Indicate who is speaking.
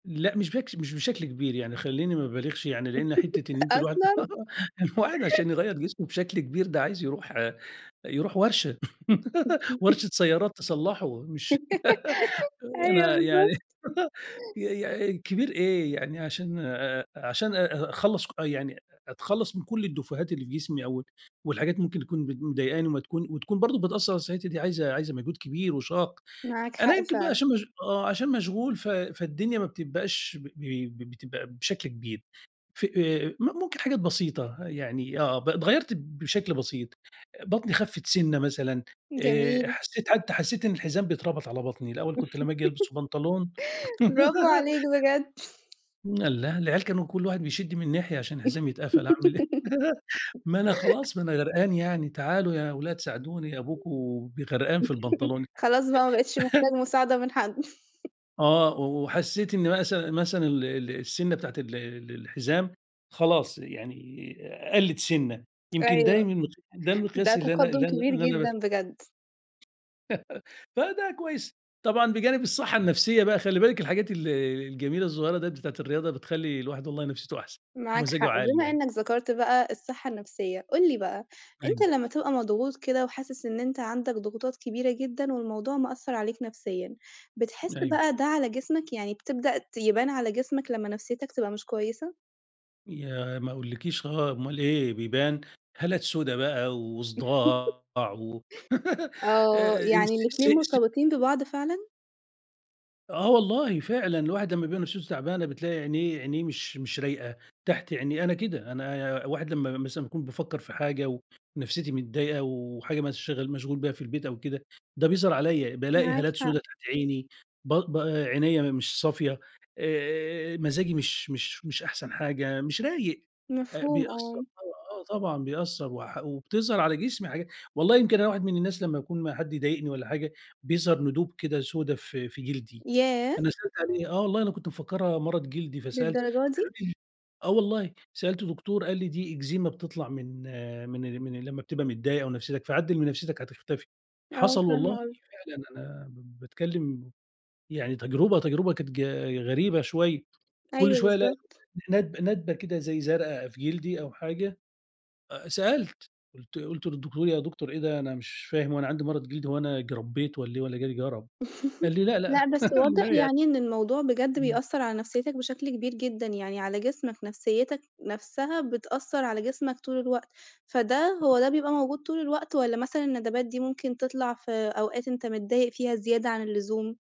Speaker 1: لأ مش بكش مش بشكل كبير يعني خليني ما بالغش يعني، لأن حتّة إن أنتِ الواحد
Speaker 2: أصلًا.
Speaker 1: الواحد عشان يغيّر جسمه بشكل كبير ده عايز يروح يروح ورشة، ورشة سيارات تصلّحه، مش
Speaker 2: أيوه
Speaker 1: أنا يعني
Speaker 2: بالضبط.
Speaker 1: ي ي كبير إيه يعني عشان آآ، عشان أ أخلّص ك يعني أتخلّص من كُلّ الديفوهات اللي في جسمي أو ال والحاجات ممكن تكون بت مضايقاني وما تكون وتكون برضو بتأثر على صحتي دي عايزة عايزة مجهود كبير وشاق،
Speaker 2: معاك حق
Speaker 1: أنا يمكن بقى
Speaker 2: فعلًا.
Speaker 1: شغ آه عشان مشغول ف فالدنيا ما بتبقاش ب ب ب بتبقى بشكل كبير، ف م ممكن حاجات بسيطة يعني آه ب اتغيّرت بشكل بسيط، بطني خفِّت سِنّة مثلًا، آآ،
Speaker 2: جميل.
Speaker 1: حسيت حتى حسيت إن الحزام بيتربط على بطني، الأول كنت لمّا آجي ألبس بنطلون
Speaker 2: برافو عليك بجد.
Speaker 1: الله العيال كانوا كُلّ واحد بيشد من ناحية عشان الحزام يتقفل، أعمِل إيه؟ ما أنا خلاص ما أنا غرقان يعني، تعالوا يا ولاد ساعدوني، أبوكم ب غرقان في البنطلون أ
Speaker 2: خلاص بقى ما بقيتش محتاج مساعدة من حد.
Speaker 1: آه، وحسيت إن مثل مثلًا ال ال السِنّة بتاعة ال ال الحزام خلاص يعني قلِّت سِنّة، يمكن
Speaker 2: أيوه،
Speaker 1: دايمًا ده
Speaker 2: ده
Speaker 1: المقياس اللي أنا اللي
Speaker 2: تقدم
Speaker 1: أنا
Speaker 2: كبير
Speaker 1: اللي أنا باس
Speaker 2: جدًا بجد.
Speaker 1: فده كويس، طبعًا بجانب الصحة النفسية بقى خلي بالِك، الحاجات ال الجميلة الصغيّرة ديّة بتاعة الرياضة بتخلّي الواحد والله نفسيته أحسن،
Speaker 2: معاك
Speaker 1: ومزاجه
Speaker 2: حق،
Speaker 1: عالي
Speaker 2: بما
Speaker 1: يعني.
Speaker 2: إنك ذكرت بقى الصحة النفسية، قُل لي بقى أنت
Speaker 1: أيوه.
Speaker 2: لمّا تبقى مضغوط كده وحاسس إن أنت عندك ضغوطات كبيرة جدًا والموضوع مأثر عليك نفسيًا، بتحس
Speaker 1: أيوه.
Speaker 2: بقى ده على جسمك؟ يعني بتبدأ ت يبان على جسمك لمّا نفسيتك تبقى مش كويسة؟
Speaker 1: ياه، ما أقولكيش آه أومال إيه بيبان، هالات سودة بقى و وصداع و
Speaker 2: آه،
Speaker 1: آآ،.
Speaker 2: يعني الاتنين
Speaker 1: [unintelligible]
Speaker 2: مرتبطين ببعض فعلًا؟
Speaker 1: آه والله فعلًا الواحد لمّا بيبقي نفسيته تعبانة بتلاقي عينيه عينيه مش مش رايقة، تحت عيني أنا كده أنا واحد لمّا مثلًا باكون بافكر في حاجة ونفسيتي متضايقة وحاجة مشغل مشغول بيها في البيت أو كده ده بيظهر عليَّ، بالاقي
Speaker 2: معاك
Speaker 1: هالات
Speaker 2: حق.
Speaker 1: سودة تحت عيني، ب ب عينيَّ مش صافية، آآ، مزاجي مش مش مش أحسن حاجة، مش رايق، آآ،
Speaker 2: مفهوم
Speaker 1: بيأثر
Speaker 2: آه.
Speaker 1: طب آه طبعًا بيأثر، وح وبتظهر على جسمي حاجا والله يمكن أنا واحد من الناس لمّا باكون ما حد يضايقني والّا حاجة بيظهر ندوب كده سودة في في جلدي،
Speaker 2: ياه!
Speaker 1: أنا سألت عليها، آه والله أنا كنت مفكرها مرض جلدي، فسألت
Speaker 2: للدرجة
Speaker 1: قالوا
Speaker 2: دي؟!
Speaker 1: لي آه، والله سألت دكتور قال لي: "دي إكزيما بتطلع من من من لمّا بتبقى متضايق أو نفسيتك فعدّل من نفسيتك هتختفي"،
Speaker 2: آه
Speaker 1: حصل
Speaker 2: فاهمة
Speaker 1: والله
Speaker 2: قصدك.
Speaker 1: فعلًا أنا باتكلم يعني تجربة تجربة كانت ج غريبة شوية، كُلّ
Speaker 2: أيوه
Speaker 1: شوية الاقي
Speaker 2: بالضبط.
Speaker 1: ندب ندبة كده زي زرقا في جلدي أو حاجة، سألت قُلت قُلت للدكتور: "يا دكتور إيه ده أنا مش فاهم هو أنا عندي مرض جلدي هو أنا اجربيت والّا إيه والّا جالي جَرَب؟"، قال لي: "لأ لأ
Speaker 2: لأ بس واضح
Speaker 1: لأ يا".
Speaker 2: يعني إن الموضوع بجد
Speaker 1: إمم.
Speaker 2: بيأثر على نفسيتك بشكل كبير جدًا، يعني على جسمك نفسيتك نَفسها بتأثر على جسمك طول الوقت، فده
Speaker 1: [unintelligible]
Speaker 2: هو ده بيبقى موجود طول الوقت والّا مثلًا الندبات دي ممكن تطلع في أوقات أنت متضايق فيها زيادة عن اللزوم؟